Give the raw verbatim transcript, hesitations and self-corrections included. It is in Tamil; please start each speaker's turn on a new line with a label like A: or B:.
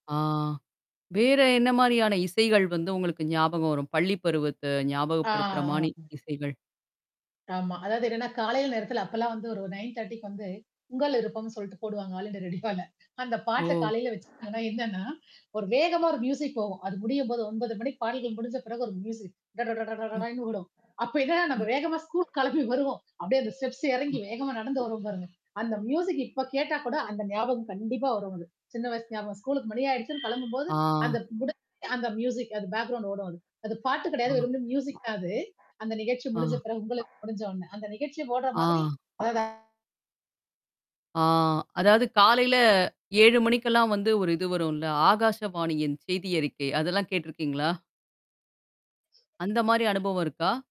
A: ஆ. வேற என்ன மாரியான இசைகள் வந்து உங்களுக்கு ஞாபகம் வரும்? பள்ளி பருவத்த
B: ஆ
A: ஞாபகப்படுத்துற மானி
B: ஆ.
A: இசைகள்?
B: ஆமா. அதாவது என்னன்னா காலையில் நேரத்ல அப்பல்லாம் வந்து ஒரு நைன் திரட்டி வந்து உங்கள் விருப்பம்னு சொல்லிட்டு போடுவாங்க. ஆல் இந்தியா ரேடியாவ்ல, அந்த பாட்ட
A: ஓ!
B: காலையில வச்சிட்டாங்க என்னன்னா, ஒரு வேகமா ஒரு மியூசிக் போகும். அது முடியும்போது ஒம்போது மணிக்கு பாடல்கள் முடிஞ்ச பிறகு ஒரு மியூசிக். ட டட ட
A: ம்.
B: டடன்னு வோம். அப்ப என்னன்னா நம்ம
A: ம்.
B: வேகமா ஸ்கூல் கிளம்பி வருவோம். அப்டியியே அந்த ஸ்டெப்ஸ் எறங்கி
A: ம்.
B: வேகமா நடந்து வருரும்வோம் பாருங்க. அந்த மியூசிக் இப்ப கேட்டா கூட அந்த ஞாபகம் கண்டிப்பா வரும் அது. சின்ன வயசு ஞாபகம் ஸ்கூலுக்கு மணி ஆயிடுச்சுன்னு கிளம்பும்போது, அந்த
A: ஆ.
B: முடிஞ்சு அந்த மியூசிக் அது பேக்ரவுண்ட் ஓடும் அது. அது பாட்டு கெடையாது.
A: ஆ.
B: வெரும் மியூசிக் தான் அது. அந்த நிகழ்ச்சி
A: ஆ.
B: முடிஞ்ச பிறகு உங்களுக்கு முடிஞ்ச உனே. அந்த நிகழ்ச்சிய போடுற மாதிரி
A: ஆ.
B: அதட
A: ஆ அதாவது காலையில ஏழு மணிக்கெல்லாம் வந்து ஒரு இது வரும்ல. ஆகாஷவாணியின் செய்தி அறிக்கை. அதெல்லாம் கேடருக்கீங்களா? அந்த மாரி அனுபவம் இருக்கா?